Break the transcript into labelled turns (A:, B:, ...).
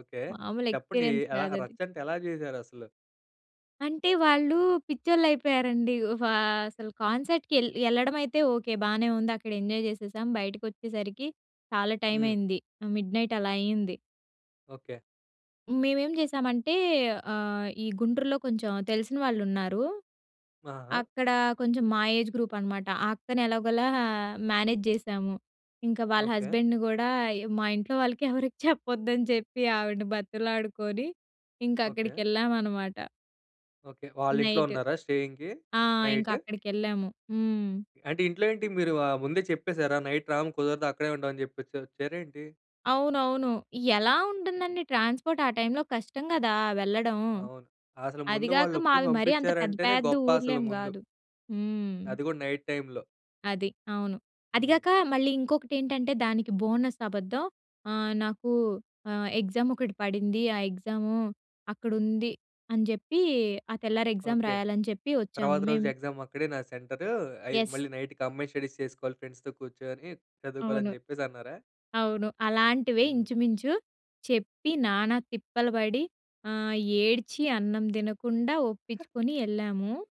A: Okay.
B: మాములు
A: చెప్పండి? ఎ
B: experience
A: ఎలా
B: కాదది.
A: రచ్చంటే ఎలా జేసారసలు?
B: అంటే వాళ్ళు పిచ్చోళ్ళయిపోయారండి. వా అసలు కాన్సర్ట్‌కి యెల్ యెళ్ళడమైతే ఓకే. బానే ఉందక్కడ, ఎంజాయ్ చేసేసాం, బయటకొచ్చేసరికి చాలా
A: హ్మ్.
B: టైమయింది. మిడ్‌నైట్ అలా అయింది.
A: ఓకే.
B: మేమేం చేశామంటే ఆహ్, ఈ గుంటూరులో కొంచెం తెలిసిన వాళ్ళున్నారు.
A: ఆ! ఆ!
B: అక్కడ కొంచెం మా ఏజ్ గ్రూపనమాట, ఆ అక్కని ఎలాగోలా మేనేజ్ జేశాము. ఇంకా వాళ్ళ
A: ఓకే.
B: హస్బెండ్‌ని గూడా య్ మా ఇంట్లో వాళ్ళకి ఎవరికీ చెప్పొద్దని చెప్పి ఆవిడని బతిమలాడుకొని,
A: ఓకే.
B: ఇంకక్కడికేళ్ళామనమాట.
A: ఓకే. వాళ్ళింట్లో
B: నైటు.
A: ఉన్నారా స్టేయింగ్‌కి
B: ఆ! ఇంక
A: నైట్?
B: అక్కడికెళ్ళాము. హ్మ్.
A: అంటే ఇంట్లో ఏంటి మీరు ఆహ్, ముందే చెప్పేసారా? నైట్ రాము కుదరదు. అక్కడే ఉంటామని అని చెప్పేసి వచ్చారా ఏంటి?
B: అవునవును. ఎలా ఉంటుందండి ట్రాన్స్‌పోర్ట్ ఆ టైమ్‌లో కష్టం గదా! వెళ్ళడం.
A: అవును. అసలు
B: అది
A: ముందు
B: గాక
A: వాళ్ళొప్పుకుని
B: మావి మరీ అంత పెద్ద
A: పంపిచ్చారంటేనే,
B: పెద్ద
A: గొప్పసలు
B: ఊర్లేం
A: ముందు.
B: గాదు. హ్మ్.
A: అది గూడా నైట్ టైములో.
B: అది. అవును. అది
A: హ్మ్.
B: గాక, మళ్ళీ ఇంకొకటెంటంటే, దానికి బోనస్ అబద్ధం. ఆహ్, "నాకూ ఆహ్, ఎగ్జామొకటి పడింది. ఆ ఎగ్జాము అక్కడుంది" అని జెప్పి, ఆ తెల్లారి ఎగ్జామ్
A: ఓకే.
B: రాయాలని చెప్పి వచ్చాము.
A: తర్వాత రోజు
B: మేము
A: ఎగ్జామ్ అక్కడే నా సెంటరూ. అయిద్
B: యెస్.
A: మళ్ళీ నైటు కంబైన్ స్టడీస్ చేసుకోలి ఫ్రెండ్స్‌తో కూర్చొని
B: అవును.
A: చదువుకోలని చెప్పేసన్నారా?
B: అవును అలాంటివే
A: హ్మ్.
B: ఇంచుమించు, చెప్పి నానా తిప్పలు పడి ఆహ్, ఏడ్చి, అన్నం దినకుండా ఒప్పిచ్చుకొని యెళ్ళాము.